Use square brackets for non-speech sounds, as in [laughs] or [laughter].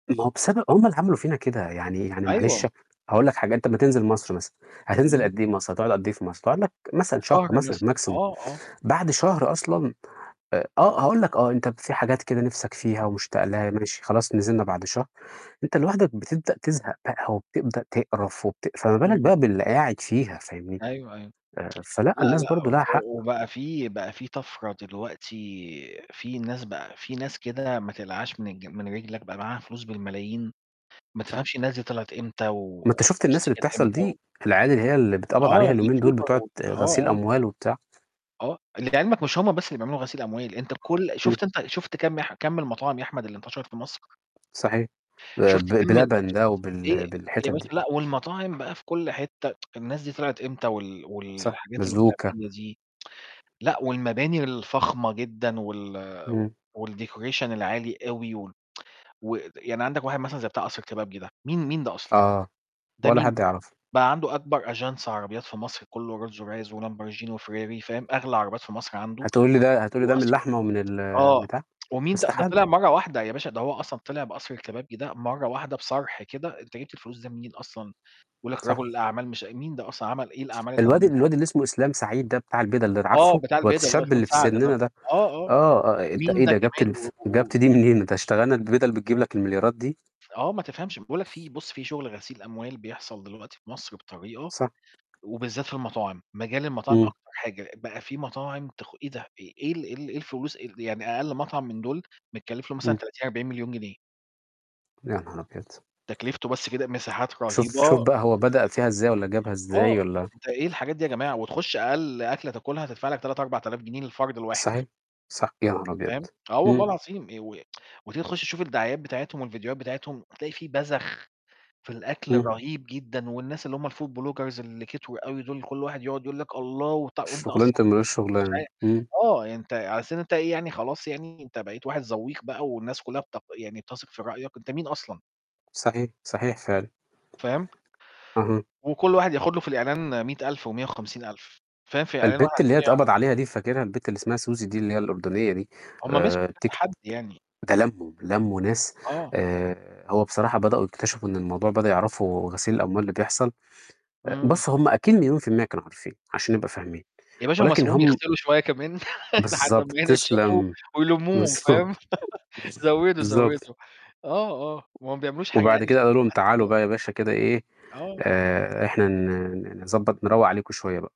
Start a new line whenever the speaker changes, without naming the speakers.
ما هو بسبب هُم اللي عملوا فينا كده. يعني يعني
أيوه.
معلش هاقول لك حاجة، أنت أمّا تنزل مصر مثلًا هتنزل
إمم.
قد إيه مصر؟ هتقعد قد إيه في مصر؟ تقعد لك مثلًا شهر
شهر
مثلًا
مثلًا.
maximum،
آه، آه.
بعد شهر أصلًا، آآ آه، هاقول لك آه، أنت في حاجات كده نفسك فيها ومشتاق لها ماشي، خلاص نزلنا بعد شهر، أنت لوحدك بتبدأ تزهق بقى وبتبدأ تقرف وبت فما بالك
إمم.
بقى باللي قاعد فيها، فاهمني؟
أيوه، أيوه.
آآ فلأ
[tsk] لأ،
الناس
لأ،
برضه لها حق.
وبقى في بقى في طفرة دلوقتي، في ناس بقى في ناس كده ما تقلعهاش من الج من رِجلك، بقى معاها فلوس بالملايين، ما
صح.
تفهمش الناس دي طلعت إمتى
ما أنت شُفت
والفلوس
الناس
دي
اللي
جات
بتحصل دي،
إمتى.
العيال اللي هي اللي بيتقبض
آه،
عليها اليومين دول،
youtuber
بتوع
و
ت
آه،
غسيل
آه.
أموال وبتاع.
آه، اللي في علمك مش هم بس اللي بيعملوا غسيل أموال، أنت كل
إمم.
شُفت أنت شُفت كم يا أح كم المطاعم يا أحمد اللي انتشرت في مصر؟
صحيح. آآ
شُفت
ب ب
كم ال
بلبن ده
إيه
وبال بالحتت
يا
دي.
باشا لأ، والمطاعم بقى في كل حتة، [tsk] الناس دي طلعت إمتى وال
صح،
والحاجات
بازوكا.
[unintelligible] دي، [tsk] لأ والمباني الفخمة جدًا وال
إمم.
والdecoration العالي أوي و [tsk] ود يعني عندك واحد مثلًا زي بتاع قصر الكبابجي ده، مين مين ده أصلًا؟
آه،
ده
ولا
مين
حد
ده؟
يعرفه.
بقى عنده أكبر أجانس عربيات في مصر كله Rolls-Royce وLamborghini وFerrari فاهم؟ أغلى عربيات في مصر عنده،
هتقول لي ده هتقول لي ده من
وقصر [tsk]
اللحمة ومن
آه،
البتاع؟
[tsk] ومين ده؟ ده
استحالة.
طلع مرّة واحدة، يا باشا ده هو أصلًا طلع بقصر الكبابجي ده مرّة واحدة، بصرح كده، أنت جِبت الفلوس دي منين أصلًا؟ بيقول لك رجل
صح.
الأعمال مش مين ده أصلًا؟ عمل إيه الأعمال اللي
الواد
عملها يعني؟
الواد اللي اسمه إسلام سعيد ده بتاع البِدل ده،
آه
عارفه؟
بتاع
الواد
البِدل اللي هو
الشاب
اسلام
اللي في
سعد ده.
سننا ده،
آه، آه.
آه، آآ أنت
مين
إيه
ده
ده؟ جِبت
كمان؟ و
الف جِبت دي
وكده.
منين؟ أنت
[unintelligible]
هتشتغلنا، البِدل بتجيب لك المليارات دي؟
آه، ما تفهمش، باقول لك في بُص في شغل غسيل أموال بيحصل دلوقتي في مصر بطريقة،
صح.
وبالذات في المطاعم، مجال المطاعم
إمم.
أكتر حاجة، بقى في مطاعم تخ إيه ده؟ إيه ال إيه ال إيه الفلوس ال يعني أقل مطعم من دول متكلف له مثلًا
إمم.
30، 40.000.000 جنيه.
يا نهار أبيض!
تكلفته بس كده، مساحات
شوف
رهيبة
شوف
آآ
بقى هو بدأ فيها إزاي، والَّا جابها
آه،
إزاي والَّا.
أنت إيه الحاجات دي يا جماعة؟ وتخش أقل أكلة تاكلها تدفع لك 3، 4000 جنيه للفرد الواحد.
صحيح، صح. يا نهار أبيض!
فاهم؟ آه والله
إمم.
العظيم آآ و [tsk] وتيجي تخش تشوف الدعايات بتاعتهم والفيديوهات بتاعتهم تلاقي في بزخ في الأكل
إمم.
رهيب جدًا والناس اللي هُم الfood bloggers اللي كتروا أوي دول، كل واحد يقعد يقول لك الله، وطع وأنت
شغلانة
أصلًا
اللي ما لهوش
مش
شغلانة.
عا
إمم.
آه، أنت على أساس إن أنت إيه يعني خلاص يعني أنت بقيت واحد ذوّيق بقى والناس كلها بت يعني بتثق في رأيك؟ أنت مين أصلًا؟
صحيح، صحيح فعلًا.
فاهم؟
اهم.
وكل واحد ياخد له في الإعلان 100.000 و150.000 فاهم؟ في إعلان واحد
البت اللي هي
عشان
اتقبض عليها
[unintelligible]
دي فاكرها؟ البت اللي اسمها سوزي دي اللي هي الأردنية دي،
هُم مسكوا
آآ
كذا
تيك
حد يعني.
ده لموا لموا ناس
آه.
آآ، هو بصراحة بدأوا يكتشفوا إن الموضوع بدأوا يعرفوا غسيل الأموال اللي بيحصل. آآ
إمم.
بس هُم أكيد مليون في المِيّة كانوا عارفين عشان نبقى فاهمين.
يا باشا هُم
ولكن
سابوهم
هُم
يغسلو شوية كمان لحد
بالضبط،
ما ينشّفوا
تسلم.
ويلموهم
بالضبط،
فاهم؟ [laughs]
[chuckles]
زودوا،
بالضبط.
زودوا، آه، آه، وما بيعملوش حاجة
وبعد
يعني
كده
عشان
قالوا لهم
مصلحة
تعالوا
البلد.
بقى يا باشا كده إيه،
آه.
آآ إحنا ن نضبّط نروّق عليكم شوية بقى.